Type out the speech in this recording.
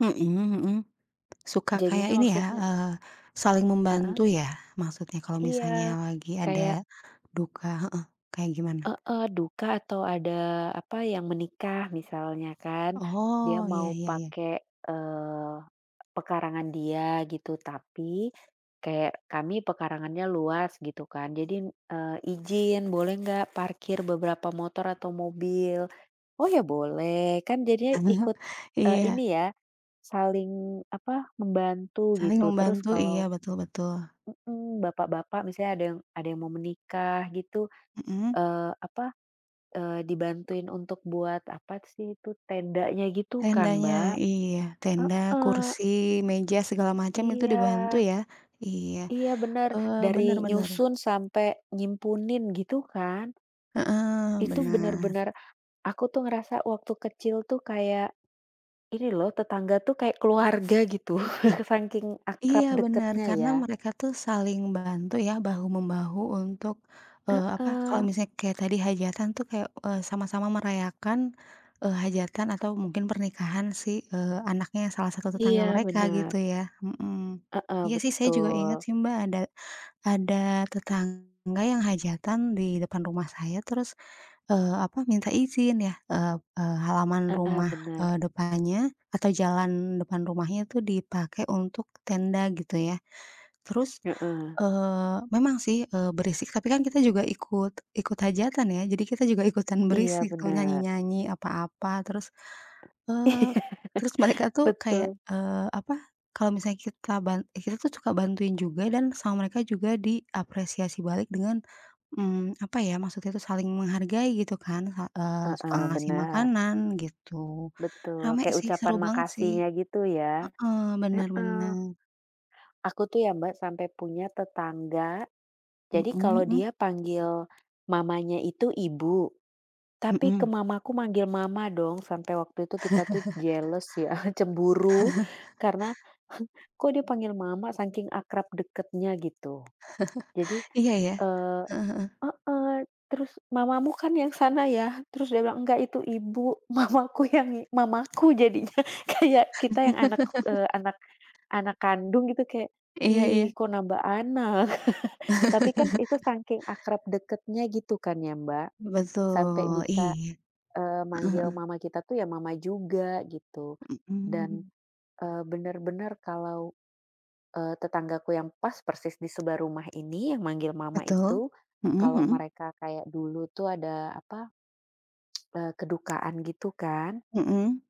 Mhm mhm, suka kayak Jadinya, ini ya, maksudnya eee, saling Heeh? membantu ya, maksudnya kalau Iya, misalnya lagi ada kayak. duka heeh, kayak gimana? Heeh, duka atau ada apa, yang menikah misalnya kan. Dia Oh, ya mau ya ya. pakai, eee, pekarangan dia gitu, tapi kayak kami pekarangannya luas gitu kan, jadi, eee, ijin boleh nggak parkir beberapa motor atau mobil? Oh ya boleh. Kan jadinya ikut, eee, Iya. ini ya, saling apa, membantu Saling gitu, terus membantu, kalau iya, betul betul. mhm, bapak-bapak misalnya ada yang ada yang mau menikah gitu, Mhm. eee, apa eee, dibantuin untuk buat apa sih, itu tendanya gitu kan, Tendanya, Mbak? iya. Tenda, Heeh. kursi, meja, segala macem itu dibantu Iya. ya? Iya, Iya bener, eee, bener dari bener. nyusun sampai nyimpunin gitu kan? Heeh, Itu benar. bener-bener, aku tuh ngerasa waktu kecil tuh kayak, ini lho tetangga tuh kayak keluarga gitu, saking akrab Iya, benar. deketnya Karena ya. mereka tuh saling bantu ya, bahu-membahu untuk eee, apa kalau Heeh. misalnya kayak tadi hajatan tuh kayak, eee, sama-sama merayakan, eee, hajatan atau mungkin pernikahan si, eee, anaknya salah satu tetangga Iya, mereka, benar. gitu ya? Mhm, Heeh, iya sih, saya juga inget betul. sih, Mbak, ada ada tetangga yang hajatan di depan rumah saya, terus, eee, apa minta izin ya, eee, halaman Heeh, rumah, benar. eee, depannya atau jalan depan rumahnya itu dipakai untuk tenda gitu ya. Terus, Heeh. eee, memang sih, eee, berisik, tapi kan kita juga ikut, ikut hajatan ya, jadi kita juga ikutan Iya, berisik, benar. nyanyi-nyanyi, apa-apa. Terus, eee, Iya, terus mereka tuh kayak, betul. eee, apa, kalau misalnya kita ban kita tuh suka bantuin juga dan sama mereka juga diapresiasi balik dengan mmm, apa ya, maksudnya tuh saling menghargai gitu kan, sa eee, suka Heeh, ngasih bener. makanan gitu. Betul, Rame kayak sih, seru ucapan banget sih. makasihnya gitu ya, Heeh, bener heeh. bener. Aku tuh ya, Mbak, sampai punya tetangga, Mhm jadi kalau mhm. dia panggil mamanya itu ibu, tapi ke Mhm. mamaku manggil mama dong, sampai waktu itu kita tuh jealous ya, cemburu. Karena, kok dipanggil mama saking akrab deketnya gitu. Jadi, Iya ya? eee, Heeh heeh. heeh, terus mamamu kan yang sana ya? Terus dia bilang, enggak itu ibu, mamaku yang i mamaku jadinya. Kayak kita yang anak, eee, anak anak kandung gitu kayak, Iya ih iya. kok nambah anak. Tapi kan itu sangking akrab dekatnya gitu kan ya, Mbak? Sampai Betul, bisa iya. Heeh manggil, eee, heeh. mama kita tuh ya mama juga gitu. Dan, Hmm. eee, bener-bener kalau, eee, tetanggaku yang pas persis disebelah rumah ini, yang manggil mama Betul, itu, mhm kalau mhm. mereka kayak dulu tuh ada apa, eee kedukaan gitu kan. Mhm.